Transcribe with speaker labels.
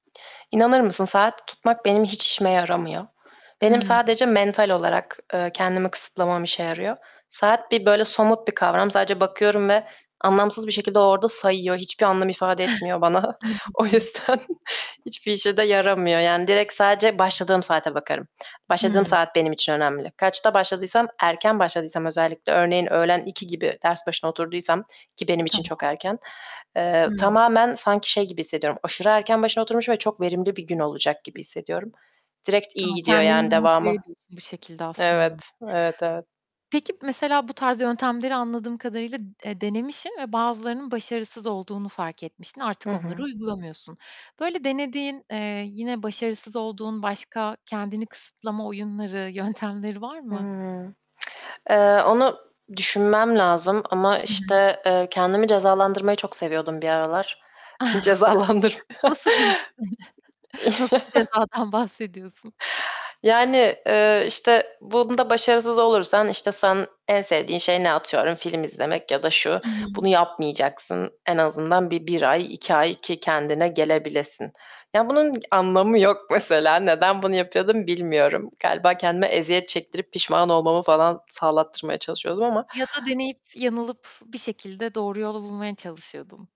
Speaker 1: İnanır mısın, saat tutmak benim hiç işime yaramıyor. Benim
Speaker 2: Hımm.
Speaker 1: sadece mental olarak, eee, kendimi kısıtlamam işe yarıyor. Saat bir, böyle, somut bir kavram, sadece bakıyorum ve anlamsız bir şekilde o orada sayıyor, hiçbir anlam ifade etmiyor bana. O
Speaker 2: Anladım.
Speaker 1: yüzden hiçbir işe de yaramıyor, yani direkt sadece başladığım saate bakarım. Başladığım
Speaker 2: Hımm.
Speaker 1: saat benim için önemli. Kaçta başladıysam, erken başladıysam özellikle, örneğin öğlen 2 gibi ders başına oturduysam, ki benim için çok
Speaker 2: Tamam.
Speaker 1: erken, eee,
Speaker 2: Hıı.
Speaker 1: tamamen sanki şey gibi hissediyorum, aşırı erken başına oturmuşum ve çok verimli bir gün olacak gibi hissediyorum. Direkt
Speaker 2: A,
Speaker 1: iyi gidiyor
Speaker 2: kendini
Speaker 1: yani
Speaker 2: de motive
Speaker 1: devamı.
Speaker 2: ediyorsun bu şekilde aslında.
Speaker 1: Evet, evet, evet.
Speaker 2: Peki, mesela bu tarz yöntemleri anladığım kadarıyla, eee, denemişsin ve bazılarının başarısız olduğunu fark etmişsin
Speaker 1: Hı
Speaker 2: artık onları
Speaker 1: hı.
Speaker 2: uygulamıyorsun. Böyle denediğin, eee, yine başarısız olduğun başka kendini kısıtlama oyunları, yöntemleri var mı?
Speaker 1: Hıı. Eee, onu düşünmem lazım ama
Speaker 2: Hı hı.
Speaker 1: işte, eee, kendimi cezalandırmayı çok seviyordum bir aralar. Cezalandır
Speaker 2: Nasıl bir his, nasıl bir cezadan bahsediyorsun?
Speaker 1: Yani, eee, işte bunda başarısız olursan, işte sen en sevdiğin şey ne atıyorum? Film izlemek ya da şu,
Speaker 2: Hı hı.
Speaker 1: bunu yapmayacaksın. En azından bir 1 ay, 2 ay ki kendine gelebilesin. Ya, bunun anlamı yok mesela, neden bunu yapıyordum bilmiyorum. Galiba kendime eziyet çektirip pişman olmamı falan sağlattırmaya çalışıyordum ama
Speaker 2: Ya da deneyip yanılıp, bir şekilde doğru yolu bulmaya çalışıyordun.